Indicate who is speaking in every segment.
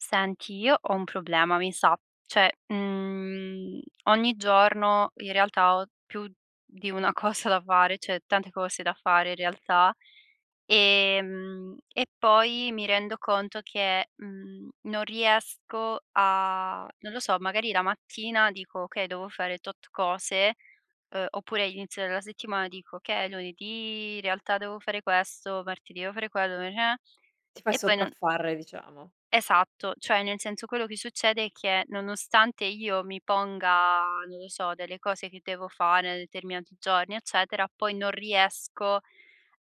Speaker 1: Senti, io ho un problema, mi sa. Cioè uhm, ogni giorno, in realtà, ho più di una cosa da fare, cioè, tante cose da fare, in realtà. Ehm e poi mi rendo conto che, mhmm, non riesco a non lo so, magari la mattina dico: "Okay, devo fare tot cose". Uhm, oppure, inizio della settimana, dico: "Okay, è lunedì, in realtà, devo fare questo, martedì devo fare quello". [unintelligible]
Speaker 2: Ti fai
Speaker 1: E poi non
Speaker 2: sopraffare, diciamo.
Speaker 1: Esatto, cioè, nel senso, quello che succede è che, nonostante io mi ponga, non lo so, delle cose che devo fare, nei determinati giorni, eccetera, poi non riesco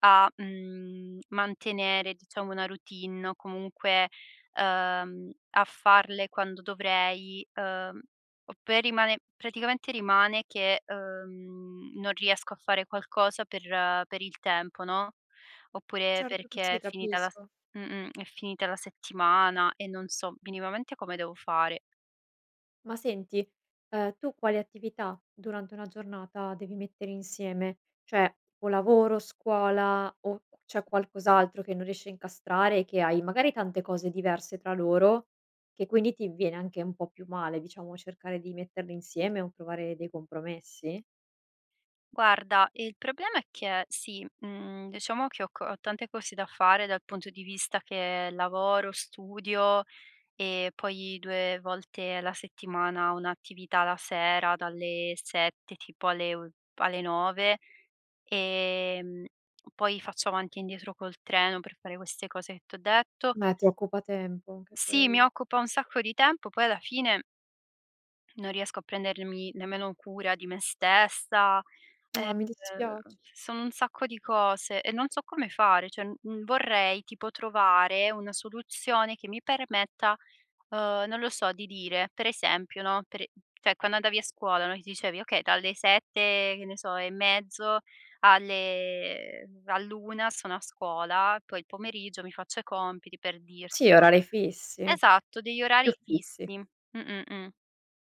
Speaker 1: a, mhmm, mantenere, diciamo, una routine. O comunque, uhm, a farle quando dovrei, uhm, o per rimane praticamente rimane che, uhm, non riesco a fare qualcosa per per il tempo, no, oppure
Speaker 2: Certo che
Speaker 1: perché
Speaker 2: sì,
Speaker 1: è finita la se
Speaker 2: capisco.
Speaker 1: mh-mh, è finita la settimana e non so minimamente come devo fare.
Speaker 2: Ma senti, ehm, tu quali attività, durante una giornata, devi mettere insieme? Cioè, o lavoro, scuola, o cu c'è qualcos'altro che non riesci a incastrare e che hai magari, tante cose diverse tra loro che, quindi, ti viene anche un po' più male, diciamo, cercare di metterle insieme o provare dei compromessi?
Speaker 1: Guarda, il problema è che sì, mhmm, diciamo che ho co ho tante cose da fare dal punto di vista che lavoro, studio, e poi 2 volte la settimana ho un'attività la sera dalle 7, tipo, alle o p alle 9, ehm, poi faccio avanti e indietro col treno per fare queste cose che t'ho detto
Speaker 2: Beh, ti occupa tempo, anche
Speaker 1: Sì, mi
Speaker 2: quello.
Speaker 1: occupa un sacco di tempo, poi alla fine non riesco a prendermi nemmeno cura di me stessa,
Speaker 2: Ah, mi dispiac
Speaker 1: ehm, sono un sacco di cose, e non so come fare. Cioè, n n vorrei, tipo, trovare una soluzione che mi permetta, uhm, non lo so, di dire, per esempio, no, per e cioè, quando andavi a scuola, no, ti dicevi: "Okay, dalle 7, che ne so, e mezzo alle ehm, all'una sono a scuola, poi il pomeriggio mi faccio i compiti" per dirti
Speaker 2: Sì, a orari fissi.
Speaker 1: Esatto, degli
Speaker 2: Più
Speaker 1: orari
Speaker 2: fissi.
Speaker 1: fissi. Mh-mh, mh.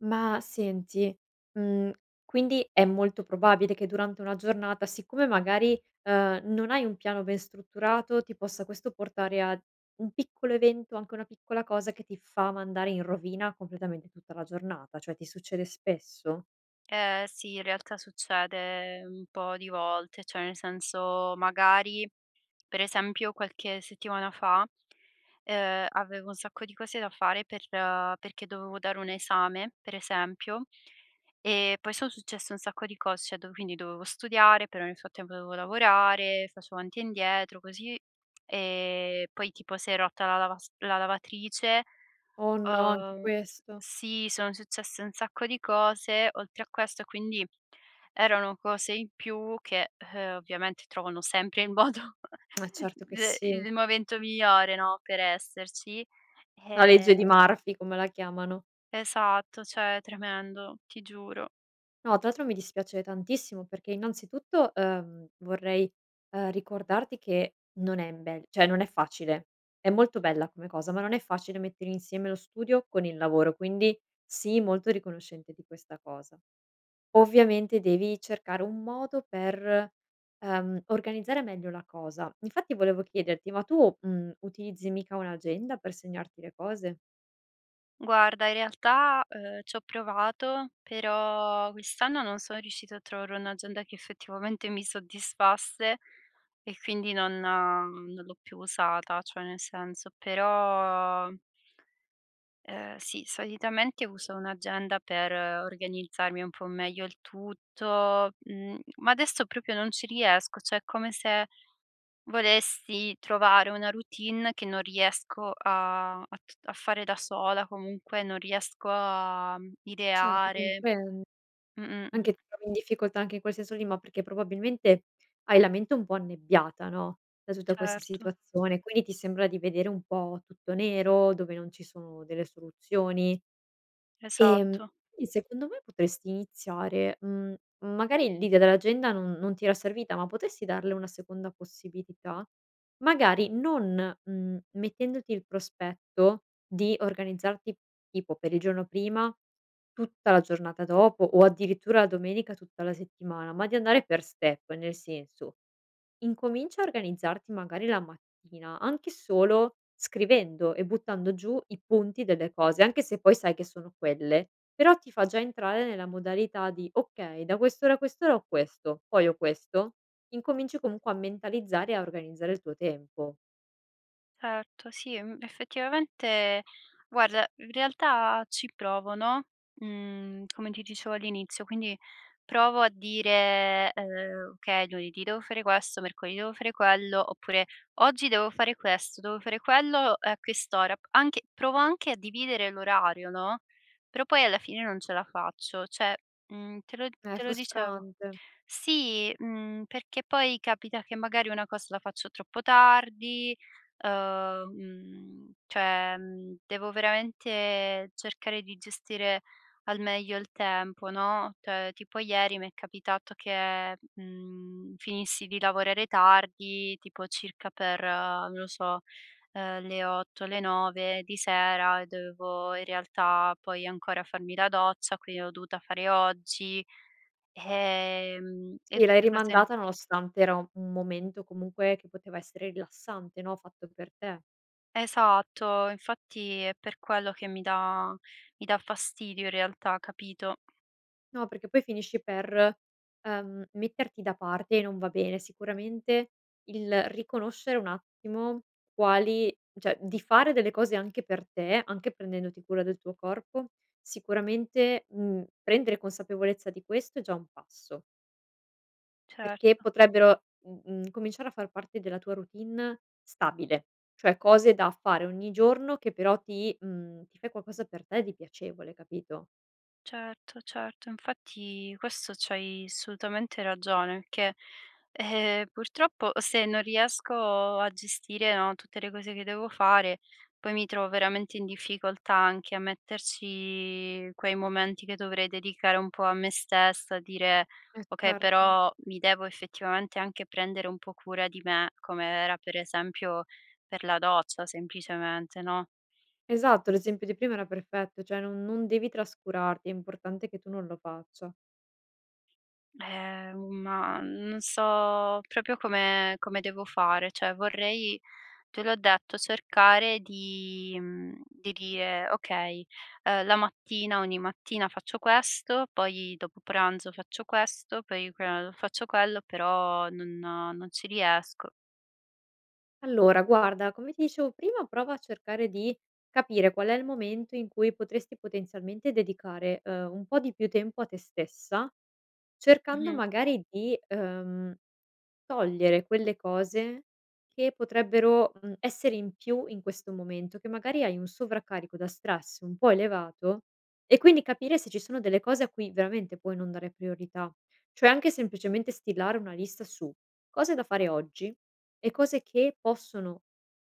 Speaker 2: Ma, senti, mhmm, quindi è molto probabile che durante una giornata, siccome, magari, ehm, non hai un piano ben strutturato, ti possa questo portare a un piccolo evento, o anche a una piccola cosa, che ti fa mandare in rovina completamente tutta la giornata, cioè ti succede spesso?
Speaker 1: Eh, sì, in realtà, succede un po' di volte, cioè, nel senso, magari per esempio qualche settimana fa, ehm, avevo un sacco di cose da fare per perché dovevo dare un esame, per esempio, e poi son successe un sacco di cos cioè do quindi, dovevo studiare, però nel frattempo dovevo lavorare, facevo avanti e indietro, così, ehm, poi, tipo, si è rotta la lavas la lavatrice.
Speaker 2: Oh, no! Anche
Speaker 1: Uhm s
Speaker 2: questo.
Speaker 1: sì, sono successe un sacco di cose, oltre a questo, e quindi erano cose in più che, uhm, ovviamente trovano sempre il modo
Speaker 2: Eh, certo che
Speaker 1: d i
Speaker 2: sì.
Speaker 1: il momento migliore, no, per esserci,
Speaker 2: La legge di
Speaker 1: ehm
Speaker 2: Murphy, come la chiamano.
Speaker 1: Esatto, cioè, tremendo, ti giuro.
Speaker 2: No, tra l'altro mi dispiace tantissimo perché, innanzitutto, uhm, vorrei, uhm, ricordarti che non è in bel cioè, non è facile. È molto bella come cosa, ma non è facile mettere insieme lo studio con il lavoro, quindi sii molto riconoscente di questa cosa. Ovviamente, devi cercare un modo per, ehm, organizzare meglio la cosa. Infatti, volevo chiederti: ma tu, mhmm, utilizzi mica un'agenda per segnarti le cose?
Speaker 1: Guarda in realtà, uhm, ci ho provato, però quest'anno non sono riuscita a trovare un'agenda che effettivamente mi soddisfasse e quindi non non l'ho più usata. Cioè, nel senso però ehm, sì, solitamente uso un'agenda per organizzarmi un po' meglio il tutto, mhmm, ma adesso proprio non ci riesco, cioè è come se volesti trovare una routine che non riesco a a t a fare da sola, comunque non riesco a
Speaker 2: Certo,
Speaker 1: ideare.
Speaker 2: compren
Speaker 1: Mh-mh, mh.
Speaker 2: anche ti trovi in difficoltà anche in quel senso lì, ma perché, probabilmente, hai la mente un po' annebbiata, no, da tutta questa
Speaker 1: Certo.
Speaker 2: situazione, quindi ti sembra di vedere un po' tutto nero dove non ci sono delle soluzioni. Ehm,
Speaker 1: Esatto.
Speaker 2: i secondo me potresti iniziare, mhmm magari l'idea dell'agenda non non ti era servita, ma potresti darle una seconda possibilità? Magari non, mhmm, mettendoti il prospetto di organizzarti, tipo per il giorno prima, tutta la giornata dopo o addirittura la domenica tutta la settimana, ma di andare per step. Nel senso: incomincia a organizzarti, magari, la mattina anche solo scrivendo e buttando giù i punti delle cose, anche se poi sai che sono quelle. Però ti fa già entrare nella modalità di: "Okay, da quest'ora a quest'ora ho questo, poi ho questo". Incominci comunque a mentalizzare e a organizzare il tuo tempo.
Speaker 1: Certo, sì e m effettivamente, guarda, in realtà ci provo, no, mhmm, come ti dicevo all'inizio, quindi provo a dire, ehm: "Okay, lunedì devo fare questo, mercoledì devo fare quello". Oppure: "Oggi devo fare questo, devo fare quello, uhm, a quest'ora". Anche provo anche a dividere l'orario, no, però poi alla fine non ce la faccio. Cioè, mhmm, te lo
Speaker 2: Eh, è
Speaker 1: te lo dicevo.
Speaker 2: frustrante.
Speaker 1: Sì, mhmm, perché poi capita che, magari, una cosa la faccio troppo tardi, uhm, mhmm, cioè, ehm, devo veramente cercare di gestire al meglio il tempo, no, cioè tipo ieri mi è capitato che, mhmm, finissi di lavorare tardi, tipo, circa per, non lo so, ehm, le 8, le 9 di sera e dovevo, in realtà, poi ancora farmi la doccia, quindi l'ho dovuta fare oggi, ehm, e
Speaker 2: Sì, l'hai
Speaker 1: queste cose
Speaker 2: rimandata nonostante era un un momento, comunque, che poteva essere rilassante, no, fatto per te.
Speaker 1: Esatto, infatti è per quello che mi dà mi dà fastidio, in realtà. Capito?
Speaker 2: No, perché poi finisci per, ehm, metterti da parte e non va bene. Sicuramente, il riconoscere un attimo quali cioè, di fare delle cose anche per te, anche prendendoti cura del tuo corpo, sicuramente, uhm, prendere consapevolezza di questo è già un passo. Perché
Speaker 1: Certo.
Speaker 2: potrebbero m uhm, cominciare a far parte della tua routine stabile, cioè, cose da fare ogni giorno, che però ti uhm, ti fai qualcosa per te, di piacevole, capito?
Speaker 1: Certo, certo, infatti questo, c'hai assolutamente ragione, che, eh, purtroppo, se non riesco a gestire, no, tutte le cose che devo fare, poi mi trovo veramente in difficoltà anche a metterci quei momenti che dovrei dedicare un po' a me stessa, dire:
Speaker 2: Eh,
Speaker 1: "Okay,
Speaker 2: certo.
Speaker 1: però mi devo effettivamente anche prendere un po' cura di me". Come era, per esempio, per la doccia, semplicemente, no?
Speaker 2: Esatto, l'esempio di prima era perfetto, cioè, non non devi trascurarti. È importante che tu non lo faccia.
Speaker 1: Eh, un ma non so proprio come come devo fare, cioè vorrei, te l'ho detto, cercare di mhmm, di dire: "Okay, uhm, la mattina ogni mattina faccio questo, poi dopo pranzo faccio questo, poi que uhm, faccio quello", però non non ci riesco.
Speaker 2: Allora guarda, come ti dicevo prima, prova a cercare di capire qual è il momento in cui potresti, potenzialmente, dedicare, uhm, un po' di più tempo a te stessa, cercando
Speaker 1: Mh-mh.
Speaker 2: magari di, uhm, togliere quelle cose che potrebbero, mhmm, essere in più in questo momento, che magari hai un sovraccarico da stress un po' elevato. E quindi capire se ci sono delle cose a cui veramente puoi non dare priorità. Cioè, anche semplicemente stilare una lista su cose da fare oggi e cose che possono,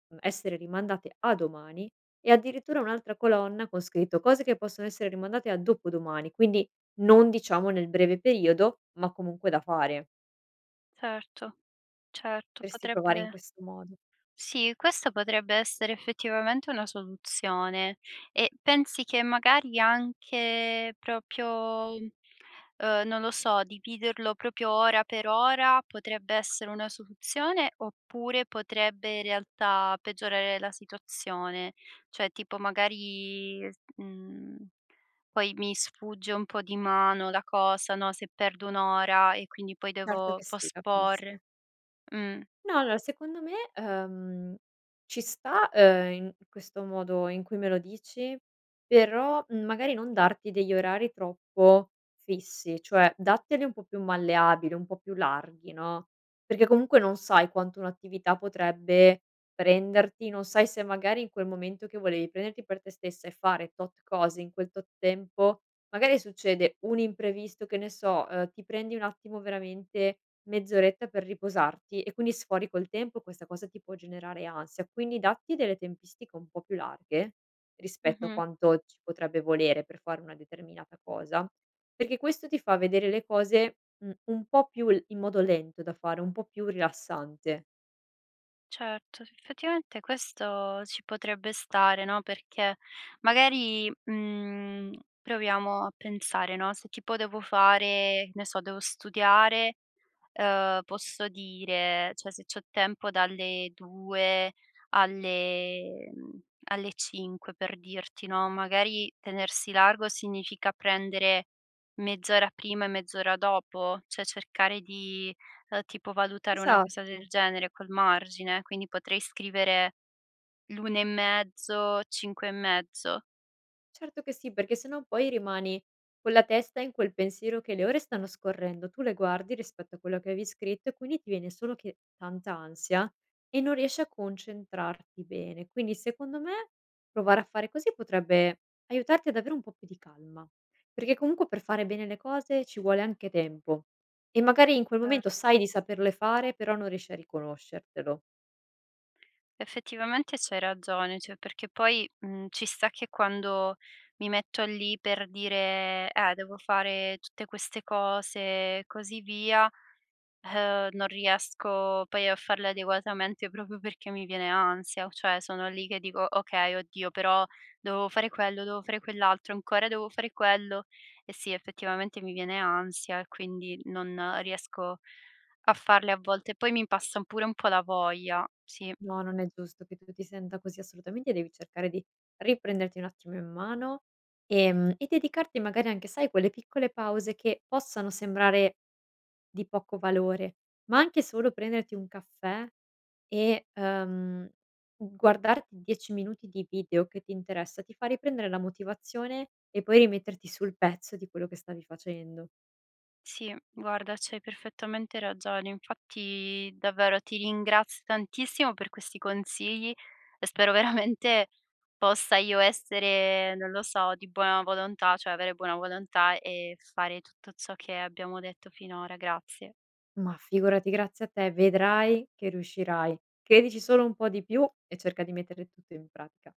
Speaker 2: mhmm, essere rimandate a domani e addirittura un'altra colonna, con scritto: "Cose che possono essere rimandate a dopodomani" quindi non, diciamo, nel breve periodo, ma comunque da fare.
Speaker 1: Certo, certo.
Speaker 2: Potresti provare in
Speaker 1: Potrebbe
Speaker 2: questo modo.
Speaker 1: Sì, questa potrebbe essere effettivamente una soluzione, e pensi che magari anche proprio, uhm, non lo so, dividerlo proprio ora per ora, potrebbe essere una soluzione, oppure potrebbe, in realtà, peggiorare la situazione? Cioè, tipo, magari, s mhmm, poi mi sfugge un po' di mano la cosa, no, se perdo un'ora e quindi poi
Speaker 2: Certo
Speaker 1: devo
Speaker 2: che sì, capisco.
Speaker 1: posporre. Mh.
Speaker 2: No, allora, secondo me, uhm, ci sta, uhm, in questo modo in cui me lo dici, però magari non darti degli orari troppo fissi, cioè datteli un po' più malleabili, un po' più larghi, no, perché comunque non sai quanto un'attività potrebbe prenderti. Non sai se magari in quel momento che volevi prenderti per te stessa e fare tot cose, in quel tot tempo, magari succede un imprevisto, che ne so, uhm, ti prendi un attimo, veramente mezz'oretta per riposarti e quindi sfori col tempo, questa cosa ti può generare ansia, quindi datti delle tempistiche un po' più larghe rispetto a
Speaker 1: Mh-mh.
Speaker 2: quanto ci potrebbe volere per fare una determinata cosa, perché questo ti fa vedere le cose, mhmm, un po' più l in modo lento da fare, un po' più rilassante.
Speaker 1: Certo. Sì, effettivamente questo ci potrebbe stare, no, perché, magari, mhmm, proviamo a pensare, no, se tipo devo fare che ne so, devo studiare, uhm, posso dire cioè, se c'ho tempo dalle 2 alle mhmm, alle 5, per dirti, no, magari, tenersi largo significa prendere mezz'ora prima e mezz'ora dopo? Cioè cercare di, ehm, tipo, valutare una cosa
Speaker 2: Esatto.
Speaker 1: del genere, col margine. Quindi, potrei scrivere l'1 e mezzo, 5 e mezzo.
Speaker 2: Certo che sì, perché sennò poi rimani con la testa in quel pensiero, che le ore stanno scorrendo, tu le guardi rispetto a quello che avevi scritto, e quindi ti viene solo che tanta ansia, e non riesci a concentrarti bene. Quindi, secondo me, provare a fare così potrebbe aiutarti ad avere un po' più di calma, perché, comunque, per fare bene le cose ci vuole anche tempo, e, magari, in quel momento
Speaker 1: Certo.
Speaker 2: sai di saperle fare, però non riesci a riconoscertelo.
Speaker 1: Effettivamente c'hai ragione, cioè, perché poi, mhmm, ci sta che quando mi metto lì per dire: "Eh, devo fare tutte queste cose" e così via, uhm, non riesco poi a farle adeguatamente, proprio perché mi viene ansia, o cioè sono lì che dico: "Okay, oddio, però dovevo fare quello, dovevo fare quell'altro, ancora devo fare quello." E, sì, effettivamente mi viene ansia, e quindi non riesco a farle a volte, poi mi passa pure un po' la voglia. Sì.
Speaker 2: No, non è giusto che tu ti senta così, assolutamente devi cercare di riprenderti un attimo in mano, ehm, e dedicarti magari anche, sai, a quelle piccole pause che possano sembrare di poco valore, ma anche solo prenderti un caffè e, uhm, guardarti 10 minuti di video che ti interessa, ti fa riprendere la motivazione, e poi rimetterti sul pezzo di quello che stavi facendo.
Speaker 1: Sì, guarda c'hai perfettamente ragione. Infatti, davvero, ti ringraz tantissimo per questi consigli, e spero veramente possa io essere, non lo so, di buona volontà cioè avere buona volontà, e fare tutto ciò che abbiamo detto finora. Grazie.
Speaker 2: Ma figurati, grazie a te. Vedrai che riuscirai, credici solo un po' di più e cerca di mettere tutto in pratica.